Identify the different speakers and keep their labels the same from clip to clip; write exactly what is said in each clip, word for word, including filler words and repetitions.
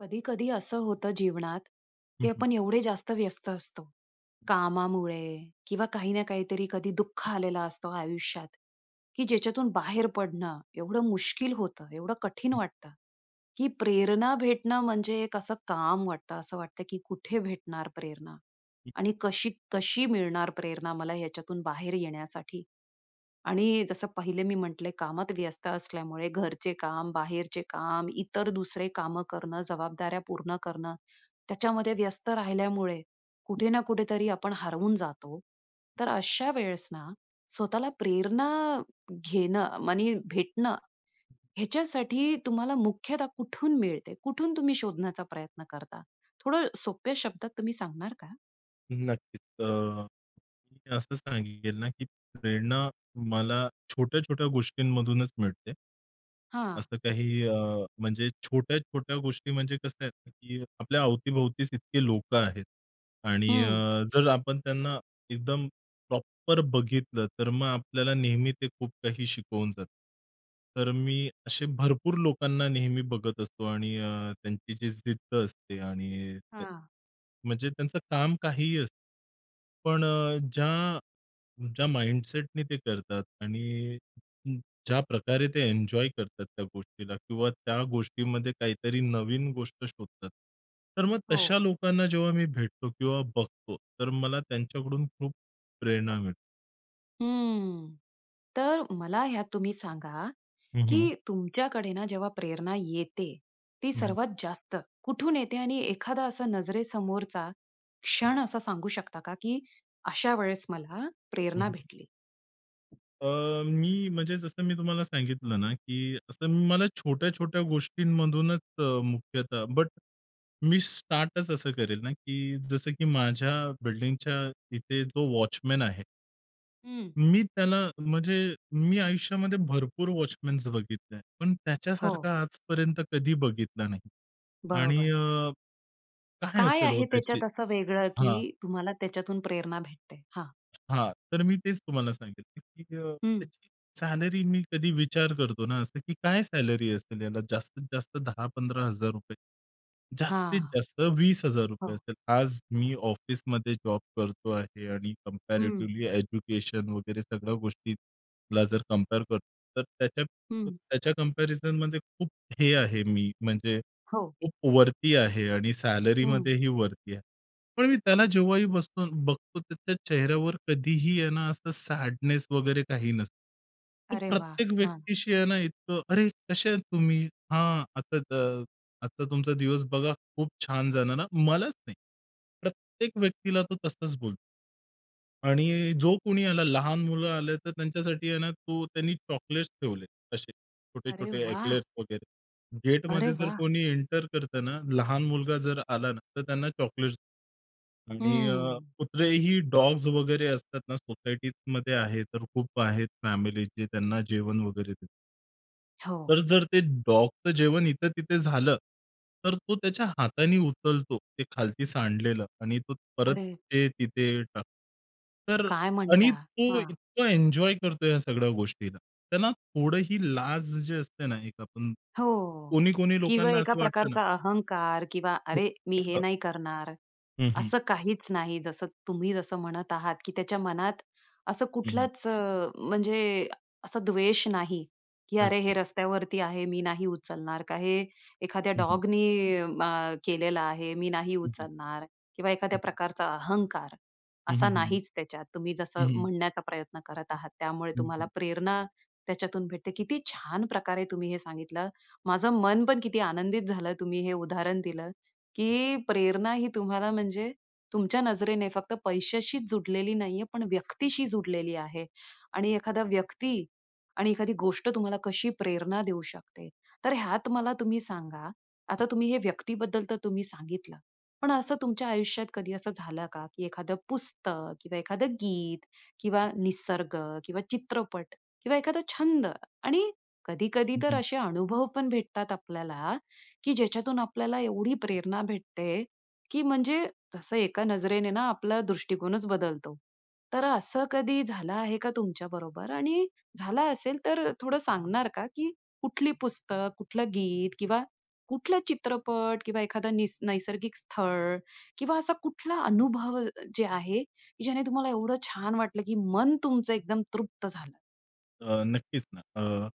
Speaker 1: कधी-कधी असं होतं जीवनात
Speaker 2: हं
Speaker 1: की
Speaker 2: हं.
Speaker 1: आपण एवढे जास्त व्यस्त असतो, कामामुळे किंवा काही ना काहीतरी कधी दुःख आलेला असतो आयुष्यात, की ज्याच्यातून बाहेर पडणं एवढं मुश्किल होतं, एवढं कठीण
Speaker 2: हं.
Speaker 1: वाटतं, की प्रेरणा भेटणं म्हणजे एक असं काम वाटतं. असं वाटतं की कुठे भेटणार प्रेरणा?
Speaker 2: हं.
Speaker 1: आणि कशी, कशी मिळणार प्रेरणा मला ह्याच्यातून बाहेर येण्यासाठी? आणि जसं पहिले मी म्हटले कामात व्यस्त असल्यामुळे घरचे काम, बाहेरचे काम, इतर दुसरे कामं करणं, जबाबदाऱ्या पूर्ण करणं, त्याच्यामध्ये व्यस्त राहिल्यामुळे कुठे ना कुठेतरी आपण हरवून जातो. तर अशा वेळेस ना स्वतःला प्रेरणा घेणं, मनी भेटणं ह्याच्यासाठी तुम्हाला मुख्यतः कुठून मिळते? कुठून तुम्ही शोधण्याचा प्रयत्न करता? थोडं सोप्या शब्दात तुम्ही सांगणार का?
Speaker 2: नक्कीच अ, मी असं सांगेल ना की प्रेरणा मला छोट्या-छोट्या गोष्टींमधूनच मिळते.
Speaker 1: हां.
Speaker 2: असं काही अ, म्हणजे छोट्या-छोट्या गोष्टी म्हणजे कसं आहे ना, की आपल्या अवती-भोवतीच इतके लोकं आहेत आणि
Speaker 1: हं.
Speaker 2: अ, जर आपण त्यांना एकदम प्रॉपर बघितलं तर मग आपल्याला नेहमी ते खूप काही शिकवून जातं. तर मी असे भरपूर लोकांना नेहमी बघत असतो आणि अ, त्यांची जी जिद्द असते आणि ते
Speaker 1: हां.
Speaker 2: म्हणजे त्यांचं काम काहीही असतं. पण अ, ज्या ज्या माइंडसेटनी ते करतात आणि ज्या प्रकारे ते एन्जॉय करतात त्या गोष्टीला किंवा त्या गोष्टीमध्ये काहीतरी नवीन गोष्ट शोधतात तर मग तशा
Speaker 1: हो.
Speaker 2: लोकांना जेव्हा मी भेटतो किंवा बघतो तर मला त्यांच्याकडून खूप प्रेरणा मिळते.
Speaker 1: हं. तर मला ह्यात तुम्ही सांगा,
Speaker 2: हं, हं.
Speaker 1: की तुमच्याकडे ना जेव्हा प्रेरणा येते, ती
Speaker 2: हं, हं.
Speaker 1: सर्वात जास्त कुठून येते? आणि एखादा असा नजरेसमोरचा क्षण असा सांगू शकता का की अशा वेळेस मला
Speaker 2: हं,
Speaker 1: प्रेरणा
Speaker 2: हं.
Speaker 1: भेटली?
Speaker 2: अ, मी म्हणजे जसं मी तुम्हाला सांगितलं ना, की असं मला छोट्या-छोट्या गोष्टींमधूनच अ, मुख्यतः बट मी स्टार्टच असं करेल ना, की जसं की माझ्या बिल्डिंगच्या इथे जो वॉचमन आहे
Speaker 1: हं.
Speaker 2: मी त्याला म्हणजे मी आयुष्यामध्ये भरपूर वॉचमॅन्स बघितले, पण
Speaker 1: हो.
Speaker 2: त्याच्यासारखा आजपर्यंत कधी बघितला नाही आणि
Speaker 1: बरोबर.
Speaker 2: अ, काय
Speaker 1: काय
Speaker 2: असेल हो
Speaker 1: आहे
Speaker 2: त्याची
Speaker 1: त्याच्यात असं वेगळं,
Speaker 2: हां.
Speaker 1: की तुम्हाला त्याच्यातून प्रेरणा भेटते? हां.
Speaker 2: हां, तर मी तेच तुम्हाला सांगितलं ,की अ,
Speaker 1: हं.
Speaker 2: त्याची सॅलरी मी कधी विचार करतो ना, असं की काय सॅलरी असेल याला? जास्तीत जास्त दहा पंधरा हजार रुपये, जास्तीत
Speaker 1: हां.
Speaker 2: जास्त वीस हजार रुपये
Speaker 1: हो.
Speaker 2: असेल. आज मी ऑफिसमध्ये जॉब करतो आहे आणि
Speaker 1: हं.
Speaker 2: कम्पॅरिटीवली एज्युकेशन वगैरे सगळ्या गोष्टीला जर कंपेअर करतो तर त्याच्या
Speaker 1: हं.
Speaker 2: त्याच्या कम्पॅरिझनमध्ये खूप हे आहे मी म्हणजे
Speaker 1: हो.
Speaker 2: खूप वरती आहे आणि
Speaker 1: हं.
Speaker 2: सॅलरीमध्येही वरती आहे. पण मी त्याला जेव्हाही बसतो बघतो त्याच्या चेहऱ्यावर कधीही आहे ना, असं सॅडनेस वगैरे काही नसतं. तो
Speaker 1: अरे वाह!
Speaker 2: प्रत्येक
Speaker 1: हां.
Speaker 2: व्यक्तीशी आहे ना इतकं "अरे! कसे आहेत तुम्ही? हां, आता त आता तुमचा दिवस बघा खूप छान! जाणार हा," मलाच नाही प्रत्येक व्यक्तीला तो तसंच बोलतो. आणि जो कोणी आला, लहान मुलं आले, तर त्यांच्यासाठी आहे ना तू त्यांनी चॉकलेट्स ठेवले, असे
Speaker 1: अरे
Speaker 2: छोटे-छोटे
Speaker 1: वाह!
Speaker 2: एक्लेयर्स वगैरे.
Speaker 1: अरे
Speaker 2: गेटमध्ये जर
Speaker 1: वाह!
Speaker 2: कोणी एंटर करतं ना, लहान मुलगा जर आला ना, तर त्यांना चॉकलेट्स आणि अ,
Speaker 1: हं.
Speaker 2: कुत्रे ही डॉग्स वगैरे असतात ना सोसायटीजमध्ये आहे, तर खूप आहेत फॅमिली, जे त्यांना जेवण वगैरे देतात.
Speaker 1: हो.
Speaker 2: तर जर ते डॉगचं जेवण इथं तिथे झालं, तर तो त्याच्या हातानी उचलतो ते खालती सांडलेलं आणि तो परत
Speaker 1: अरे!
Speaker 2: ते तिथे टाकतो. तर
Speaker 1: काय
Speaker 2: आणि
Speaker 1: म्हणता?
Speaker 2: तो
Speaker 1: हां.
Speaker 2: इतका एन्जॉय करतोय ह्या सगळ्या गोष्टीला. त्यांना थोडंही लाज जे असते ना, एक आपण,
Speaker 1: हो
Speaker 2: कोणी-कोणी
Speaker 1: किंवा
Speaker 2: लोकांना
Speaker 1: एका
Speaker 2: असं वाटतं ना
Speaker 1: प्रकारचा अहंकार किंवा
Speaker 2: ठिक
Speaker 1: अरे, मी हे
Speaker 2: असं.
Speaker 1: नाही करणार.
Speaker 2: हं, हं.
Speaker 1: असं काहीच नाही, जसं तुम्ही जसं म्हणत आहात, की त्याच्या मनात असं
Speaker 2: हं, हं.
Speaker 1: कुठलाच, म्हणजे असं द्वेष नाही. की अरे, हे
Speaker 2: नक्की.
Speaker 1: रस्त्यावरती आहे, मी नाही उचलणार, का हे एखाद्या
Speaker 2: हं, हं.
Speaker 1: डॉगनी म केलेला आहे, मी नाही
Speaker 2: हं, हं.
Speaker 1: उचलणार किंवा
Speaker 2: हं,
Speaker 1: एखाद्या
Speaker 2: हं.
Speaker 1: प्रकारचा अहंकार,
Speaker 2: हं, हं,
Speaker 1: असा
Speaker 2: हं,
Speaker 1: नाहीच त्याच्यात. तुम्ही
Speaker 2: हं,
Speaker 1: जसं
Speaker 2: हं, हं.
Speaker 1: म्हणण्याचा प्रयत्न करत
Speaker 2: हं,
Speaker 1: आहात. त्यामुळे
Speaker 2: हं,
Speaker 1: तुम्हाला
Speaker 2: हं.
Speaker 1: प्रेरणा त्याच्यातून भेटते, किती छान प्रकारे तुम्ही हे सांगितलं. माझं मन पण किती आनंदित झालं, तुम्ही हे उदाहरण दिलं, की प्रेरणा ही तुम्हाला, म्हणजे तुमच्या नजरेने फक्त पैशाशीच जोडलेली नाही आहे, पण व्यक्तीशी जोडलेली आहे आणि एखादा व्यक्ती आणि एखादी गोष्ट, तुम्हाला कशी प्रेरणा देऊ शकते. तर ह्यात मला तुम्ही सांगा, आता तुम्ही हे व्यक्तीबद्दल तर तुम्ही सांगितलं. पण असं तुमच्या आयुष्यात कधी असं झालं का? की एखादं पुस्तक किंवा एखादं गीत किंवा निसर्ग किंवा चित्रपट किंवा एखादा छंद आणि कधी-कधी
Speaker 2: हं,
Speaker 1: तर
Speaker 2: हं.
Speaker 1: असे अनुभव पण भेटतात आपल्याला, की ज्याच्या तून आपल्याला एवढी प्रेरणा भेटते, की म्हणजे जसं एका नजरेने ना आपला दृष्टिकोनच बदलतो. तर असं कधी झालं आहे का तुमच्या बरोबर? आणि झालं असेल तर थोडं सांगणार का? की कुठली पुस्तक, कुठलं गीत किंवा कुठलं चित्रपट किंवा एखादं निस नैसर्गिक स्थळ किंवा असा कुठला अनुभव जे आहे ज्याने तुम्हाला एवढं छान वाटलं की मन तुमचं एकदम तृप्त झालं.
Speaker 2: अ, नक्कीच ना अ,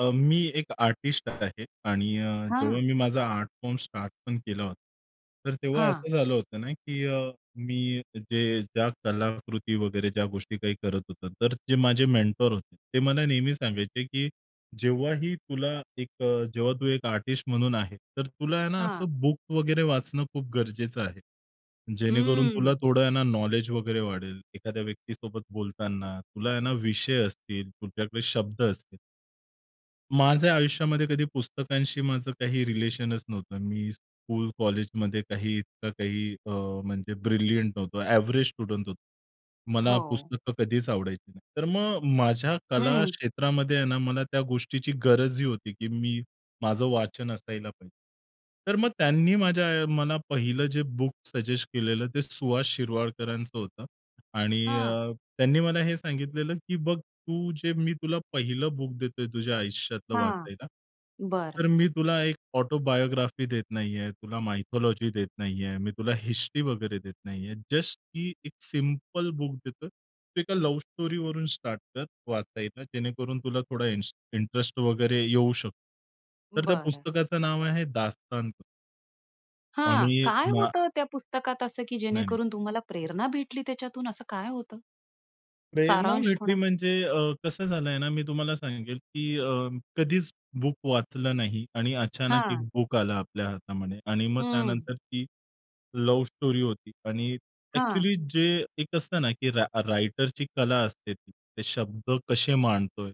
Speaker 2: अ, मी एक आर्टिस्ट आहे आणि अ, जेव्हा
Speaker 1: हां.
Speaker 2: मी माझा आर्ट फॉर्म स्टार्ट पण केला होता, तर तेव्हा
Speaker 1: हां.
Speaker 2: असं झालं होतं ना की अ, मी जे ज्या कलाकृती वगैरे ज्या गोष्टी काही करत होतात तर ते माझे मेंटर होते. ते मला नेहमी सांगायचे की "जेव्हाही तुला एक अ, जेव्हा तू एक आर्टिस्ट म्हणून आहे तर तुला आहे ना
Speaker 1: हां.
Speaker 2: असं बुक वगैरे वाचणं खूप गरजेचं आहे जेणेकरून तुला
Speaker 1: हम्म.
Speaker 2: थोडं आहे ना नॉलेज वगैरे वाढेल, एखाद्या व्यक्तीसोबत बोलताना तुला आहे ना विषय असतील, तुझ्याकडे शब्द असतील." माझ्या आयुष्यामध्ये कधी पुस्तकांशी माझं काही रिलेशनच नव्हतं. मी स्कूल, कॉलेजमध्ये काही इतकं काही अ, म्हणजे ब्रिलियंट नव्हतो, एव्हरेज स्टुडंट होतो. मला
Speaker 1: हो.
Speaker 2: पुस्तकं कधीच आवडायची नाही. तर मग माझ्या कला
Speaker 1: हम्म.
Speaker 2: क्षेत्रामध्ये आहे ना मला त्या गोष्टीची गरजही होती की मी माझं वाचन असायला पाहिजे. तर मग त्यांनी माझ्या अ, मला पहिलं जे बुक सजेस्ट केलेलं ते सुहास शिरवाडकरांचं होतं आणि
Speaker 1: हां.
Speaker 2: अ, त्यांनी मला हे सांगितलेलं की "बघ तू जे मी तुला पहिलं बुक देतोय तुझ्या आयुष्यातलं
Speaker 1: हां,
Speaker 2: वाचायला.
Speaker 1: बरं.
Speaker 2: तर मी तुला एक ऑटोबायोग्राफी देत नाहीये, तुला मायथॉलॉजी देत नाहीये, मी तुला हिस्ट्री वगैरे देत नाहीये. जस्ट की एक सिंपल बुक देतोय, तू एका लव्ह स्टोरीवरून स्टार्ट कर वाचायला जेणेकरून तुला थोडा इन्स इंटरेस्ट वगैरे येऊ शकतो. तर त्या
Speaker 1: बरं.
Speaker 2: पुस्तकाचं नाव आहे दास्तांत.
Speaker 1: हां,
Speaker 2: आणि
Speaker 1: काय
Speaker 2: ना,
Speaker 1: होतं त्या पुस्तकात असं की
Speaker 2: नाही-नाही.
Speaker 1: जेणेकरून तुम्हाला प्रेरणा भेटली त्याच्यातून? असं काय होतं?
Speaker 2: प्रेरणा
Speaker 1: सारांश
Speaker 2: भेटली
Speaker 1: थोडा?
Speaker 2: म्हणजे अ, कसं झालं आहे ना, मी तुम्हाला सांगेल की अ, कधीच बुक वाचलं नाही आणि अचानक एक
Speaker 1: हां.
Speaker 2: बुक आलं आपल्या हातामध्ये आणि मग
Speaker 1: हम्म.
Speaker 2: त्यानंतर ती लव स्टोरी होती आणि
Speaker 1: हां.
Speaker 2: एक्चुअली जे एक असतं ना की रा रायटरची कला असते ती, ते शब्द कसे मांडतोय.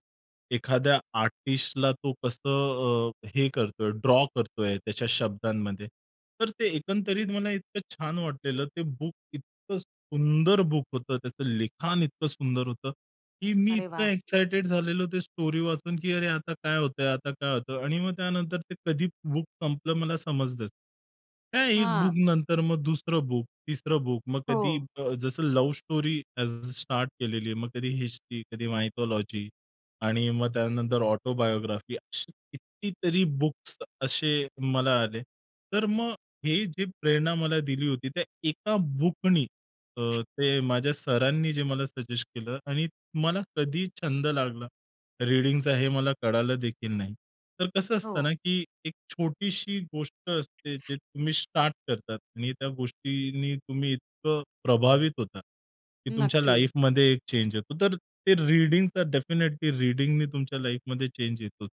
Speaker 2: एखाद्या आर्टिस्टला तो कसं अ, हे करतोय, ड्रॉ करतोय, त्याच्या शब्दांमध्ये. तर ते एकंदरीत मला इतकं छान वाटलेलं, ते बुक इतकं सुंदर बुक होतं, त्याचं लिखाण इतकं सुंदर होतं की मी
Speaker 1: अरे
Speaker 2: इतकं
Speaker 1: वाह!
Speaker 2: एक्साइटेड झालेलो, ते स्टोरी वाचून की अरे! आता काय होतंय? आता काय होतं? आणि मग त्यानंतर ते कधी बुक संपलं मला समजलच नाही. त्या एक बुक
Speaker 1: हां.
Speaker 2: नंतर मग दुसरं बुक तिसरं बुक मग कधी
Speaker 1: हो.
Speaker 2: अ, जसं लव स्टोरी [unintelligible] स्टार्ट केलेली आहे, मग कधी हिस्ट्री, कधी मायथॉलॉजी आणि मग त्यानंतर ऑटोबायोग्राफी, असे किती तरी बुक्स असे मला आले. तर मग हे जे प्रेरणा मला दिली होती त्या एका बुकनी, अ, ते माझ्या सरांनी जे मला सजेस्ट केलं आणि मला कधी छंद लागला, रीडिंगचा, हे मला कळालं देखील नाही. तर कसं असतं ना
Speaker 1: हो.
Speaker 2: की एक छोटीशी गोष्ट असते जे तुम्ही स्टार्ट करतात आणि त्या गोष्टींनी तुम्ही इतकं प्रभावित होता की तुमच्या
Speaker 1: नक्की.
Speaker 2: लाईफमध्ये चेंज होतो. तर ते रीडिंगचा डेफिनिटली रीडिंगनी तुमच्या लाईफमध्ये चेंज येतो.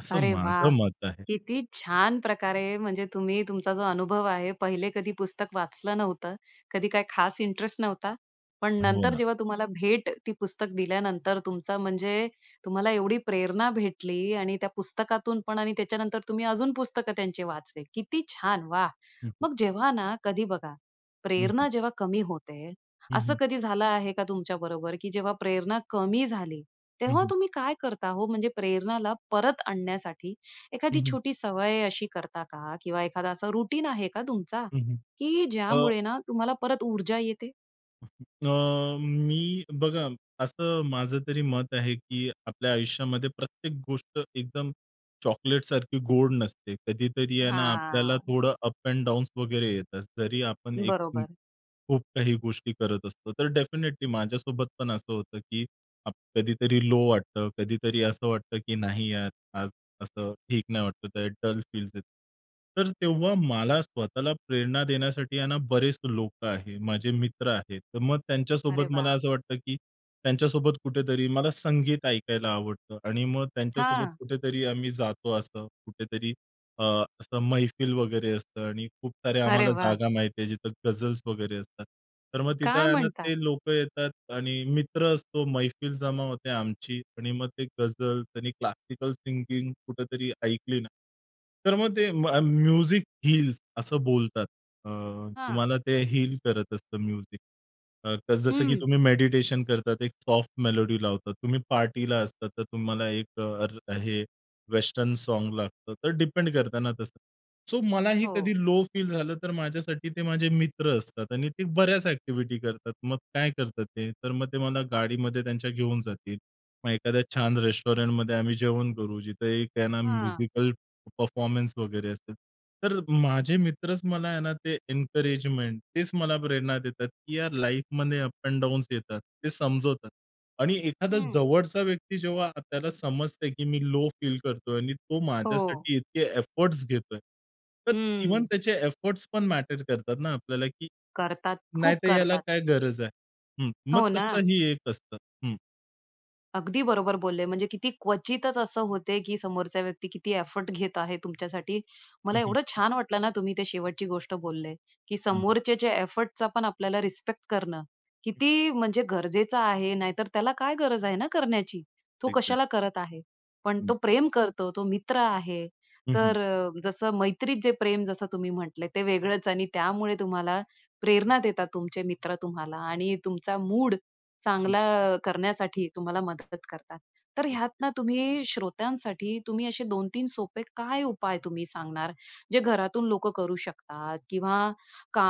Speaker 2: असं
Speaker 1: अरे
Speaker 2: माझं
Speaker 1: वाह!
Speaker 2: मत आहे.
Speaker 1: किती छान प्रकारे, म्हणजे तुम्ही तुमचा जो अनुभव आहे, पहिले कधी पुस्तक वाचलं नव्हतं, कधी काय खास इंटरेस्ट नव्हता, पण
Speaker 2: हो
Speaker 1: नंतर
Speaker 2: ना.
Speaker 1: जेव्हा तुम्हाला भेट ती पुस्तक दिल्यानंतर तुमचा, म्हणजे तुम्हाला एवढी प्रेरणा भेटली आणि त्या पुस्तकातून पण आणि त्याच्यानंतर तुम्ही अजून पुस्तकं त्यांचे वाचले. किती छान! वाह!
Speaker 2: हं, हं.
Speaker 1: मग जेव्हा ना, कधी बघा,
Speaker 2: हं, हं.
Speaker 1: प्रेरणा जेव्हा कमी होते,
Speaker 2: हं,
Speaker 1: असं
Speaker 2: हं.
Speaker 1: कधी झालं आहे का तुमच्याबरोबर, की जेव्हा प्रेरणा कमी झाली?
Speaker 2: हं,
Speaker 1: तेव्हा
Speaker 2: हं.
Speaker 1: तुम्ही काय करता हो? म्हणजे प्रेरणाला परत आणण्यासाठी,
Speaker 2: हं,
Speaker 1: एखादी
Speaker 2: हं.
Speaker 1: छोटी सवय अशी करता का? किंवा एखादं असं रुटीन आहे का तुमचा?
Speaker 2: हं, हं,
Speaker 1: की
Speaker 2: अ
Speaker 1: ज्यामुळे ना तुम्हाला परत ऊर्जा येते.
Speaker 2: का, की अ, मी बघा असं माझं तरी मत आहे, की आपल्या आयुष्यामध्ये प्रत्येक गोष्ट एकदम चॉकलेटसारखी गोड नसते. कधीतरी आहे ना, आपल्याला
Speaker 1: हां. हं.
Speaker 2: थोडं अप एंड डाउन्स वगैरे येतात. जरी आपण एक हं.
Speaker 1: बरोबर.
Speaker 2: खूप काही गोष्टी करत असतो, तर डेफिनेटली माझ्यासोबत पण असं होतं, की अप कधीतरी लो वाटतं, कधीतरी असं वाटतं, की "नाही यार, आज असं ठीक नाही वाटतं आहे, डल फील्स येतं." तर तेव्हा मला स्वतःला प्रेरणा देण्यासाठी आहे ना, बरेच लोकं आहे, माझे मित्र आहेत. तर मग
Speaker 1: अरे
Speaker 2: त्यांच्यासोबत मला
Speaker 1: वाह!
Speaker 2: असं वाटतं, की त्यांच्यासोबत कुठेतरी मला संगीत ऐकायला आवडतं आणि मग त्यांच्यासोबत
Speaker 1: हां.
Speaker 2: कुठेतरी आम्ही जातो, असं कुठेतरी अ, असं मेहफ़िल वगैरे असतं आणि खूप साऱ्या
Speaker 1: अरे
Speaker 2: आम्हाला
Speaker 1: वाह!
Speaker 2: जागा माहीत आहे जिथं गझल्स वगैरे असतात. तर मग तिथं
Speaker 1: काय
Speaker 2: आहे ना,
Speaker 1: म्हणता?!
Speaker 2: ते लोकं येतात आणि मित्र असतो मैफिल जमा होते आमची आणि मग ते गझल त्यांनी क्लासिकल सिंगिंग कुठेतरी ऐकली ना, तर मग ते मग म्यूझिक हील्स असं बोलतात. अ,
Speaker 1: हां.
Speaker 2: तुम्हाला ते हील करत असतं म्यूझिक. अ, जसं की
Speaker 1: हं.
Speaker 2: तुम्ही मेडिटेशन करतात, एक सॉफ्ट मेलोडी लावतात, तुम्ही पार्टीला असता तर तुम्हाला एक र हे वेस्टर्न सॉन्ग लागतं. तर डिपेंड करताना तसं, सो मला हे कधी
Speaker 1: हो.
Speaker 2: लो फील झालं, तर माझ्यासाठी ते माझे मित्र असतात आणि ते बऱ्याच एक्टिव्हिटी करतात. मग काय करतात ते, तर मग ते मला गाडीमध्ये त्यांच्या घेऊन जातील, मग एखाद्या छान रेस्टॉरंटमध्ये आम्ही जेवण करू, जिथं एक है ना
Speaker 1: हां.
Speaker 2: म्युजिकल परफॉर्मन्स वगैरे असतील. तर माझे मित्रच मला आहे ना, ते एन्करेजमेंट तेच मला प्रेरणा देतात, की या लाईफमध्ये अप एंड डाउन्स येतात, ते समजवतात. आणि एखादा
Speaker 1: हं.
Speaker 2: जवळचा व्यक्ती जेव्हा आपल्याला समजते, की मी लो फील करतोय आणि तो
Speaker 1: हो.
Speaker 2: माझ्यासाठी इतके एफोर्ट्स घेतोय. तर इव्हन
Speaker 1: हं.
Speaker 2: त्याचे एफोर्ट्स पण मॅटर करतात ना आपल्याला, की
Speaker 1: करतात, खूप
Speaker 2: नाहीतर याला
Speaker 1: करतात.
Speaker 2: काय गरज आहे? हं. मग
Speaker 1: हो
Speaker 2: तसं
Speaker 1: ना.
Speaker 2: ही एक असतं. हं.
Speaker 1: अगदी बरोबर बोलले, म्हणजे किती क्वचितच असं होते की समोरचा व्यक्ती किती एफर्ट घेत आहे तुमच्यासाठी.
Speaker 2: हं,
Speaker 1: मला
Speaker 2: हं.
Speaker 1: एवढं छान वाटलं ना, तुम्ही ते शेवटची गोष्ट बोलले, की
Speaker 2: हं, हं.
Speaker 1: समोरच्याचा एफर्टचा पण आपल्याला रिस्पेक्ट करणं किती म्हणजे गरजेचा आहे नाहीतर त्याला काय गरज आहे ना करण्याची? तो
Speaker 2: एक्झॅक्ट.
Speaker 1: कशाला करत आहे? पण तो
Speaker 2: हं.
Speaker 1: प्रेम करतो, तो मित्र आहे
Speaker 2: हं, हं.
Speaker 1: तर अ, जसं मैत्रीत जे प्रेम जसं तुम्ही म्हटले ते वेगळंच आणि त्यामुळे तुम्हाला प्रेरणा देतात, तुमचे मित्र तुम्हाला आणि तुमचा मूड
Speaker 2: हं.
Speaker 1: चांगला अ, करण्यासाठी तुम्हाला मदत करतात. तर ह्यात
Speaker 2: [unintelligible]
Speaker 1: ना तुम्ही श्रोत्यांसाठी, तुम्ही असे दोन तीन सोपे काय उपाय तुम्ही सांगणार, जे घरातून लोकं करू शकतात? किंवा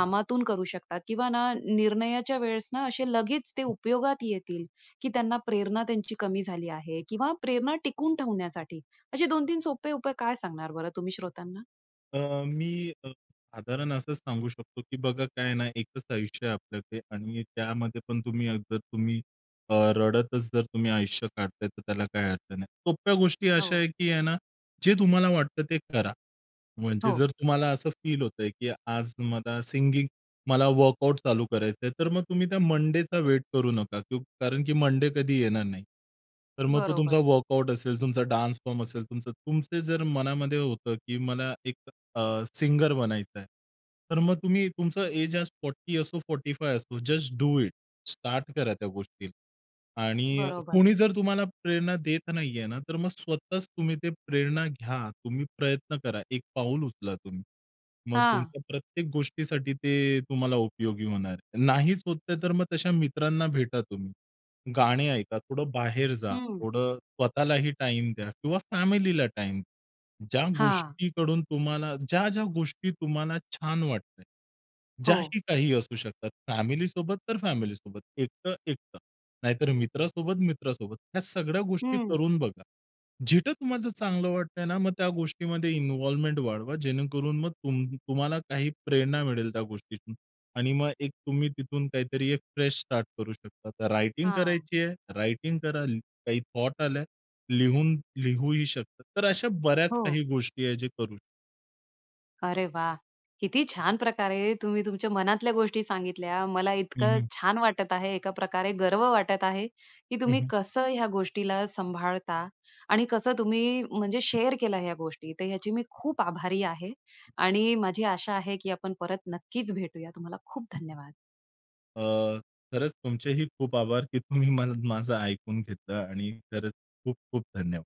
Speaker 2: हं.
Speaker 1: करू शकतात? किंवा ना निर्णयाच्या वेळेस ना, असे लगेच ते
Speaker 2: हं.
Speaker 1: उपयोगात येतील की त्यांना प्रेरणा त्यांची कमी झाली आहे किंवा प्रेरणा टिकवून ठेवण्यासाठी असे दोन तीन सोपे उपाय काय सांगणार बरं तुम्ही श्रोत्यांना?
Speaker 2: अ, मी अ, साधारण असंच सांगू शकतो की बघा काय आहे ना, एकच आयुष्य आहे आपल्याकडे आणि त्यामध्ये पण तुम्ही अ, जर तुम्ही रडतच जर, तुम्ही आयुष्य काढताय तर त्याला काही अर्थ नाही. सोप्या गोष्टी अशा
Speaker 1: हो.
Speaker 2: आहेत की आहे ना, जे तुम्हाला वाटतं ते करा. म्हणजे
Speaker 1: हो.
Speaker 2: जर तुम्हाला असं फील होतंय की आज मला सिंगिंग मला वर्कआउट चालू करायचंय तर मग तुम्ही त्या मंडेचा वेट करू नका क कारण की मंडे कधी येणार नाही. तर मग तो तुमचा
Speaker 1: बरोबर.
Speaker 2: वर्कआउट असेल, तुमचा डान्स फॉर्म असेल, तुमचं तुमचं जर मनामध्ये होतं की मला एक अ, सिंगर बनायचं आहे, तर मग तुम्ही तुमचं एज आज फोर्टी असो, फोर्टी फाइव्ह असो, जस्ट डू इट. स्टार्ट करा त्या गोष्टीला. आणि
Speaker 1: बरोबर.
Speaker 2: कोणी जर तुम्हाला प्रेरणा देत नाहीये ना, तर मग स्वतःच तुम्ही ते प्रेरणा घ्या, तुम्ही प्रयत्न करा, एक पाऊल उचला तुम्ही. मग
Speaker 1: हां.
Speaker 2: तुमच्या प्रत्येक गोष्टीसाठी ते तुम्हाला उपयोगी होणार आहे. नाहीच होतंय तर मग तशा मित्रांना भेटा तुम्ही. गाणी ऐका, थोडं बाहेर जा,
Speaker 1: हं.
Speaker 2: थोडं स्वतःलाही टाईम द्या किंवा फॅमिलीला टाईम. ज्या
Speaker 1: हां.
Speaker 2: गोष्टीकडून तुम्हाला ज्या ज्या गोष्टी तुम्हाला छान वाटतात,
Speaker 1: हो.
Speaker 2: ज्याही काही असू शकतात, फॅमिली सोबत तर फॅमिली सोबत, एकटं, एकटं नाहीतर मित्रासोबत, मित्रासोबत ह्या सगळ्या गोष्टी
Speaker 1: हम्म.
Speaker 2: करून बघा. जिथं तुम्हाला चांगलं वाटतंय ना, मग त्या गोष्टीमध्ये इन्व्हॉल्वमेंट वाढवा. जेणेकरून मग तुम तुम्हाला काही प्रेरणा मिळेल त्या गोष्टीतून आणि मग एक तुम्ही तिथून काहीतरी एक फ्रेश स्टार्ट करू शकता. तर रायटिंग
Speaker 1: हां.
Speaker 2: करायची आहे, रायटिंग करा ल काही थॉट आल्या लिहून लिहूही शकतात. तर अशा बऱ्याच
Speaker 1: हो.
Speaker 2: काही गोष्टी आहेत जे करू.
Speaker 1: अरे वाह! किती छान प्रकारे तुम्ही तुमच्या मनातल्या गोष्टी सांगितल्या, मला
Speaker 2: हं,
Speaker 1: इतकं
Speaker 2: हं.
Speaker 1: छान वाटत आहे एका प्रकारे गर्व वाटत आहे, की
Speaker 2: हं,
Speaker 1: तुम्ही
Speaker 2: हं.
Speaker 1: कसं ह्या गोष्टीला सांभाळता आणि कसं तुम्ही म्हणजे शेअर केला ह्या गोष्टी तर याची मी खूप आभारी आहे आणि माझी आशा आहे, की आपण परत नक्कीच भेटूया, तुम्हाला खूप धन्यवाद.
Speaker 2: अ, खरंच तुमचेही खूप आभार की तुम्ही मल माझं ऐकून घेतलं आणि खरंच खूप-खूप धन्यवाद.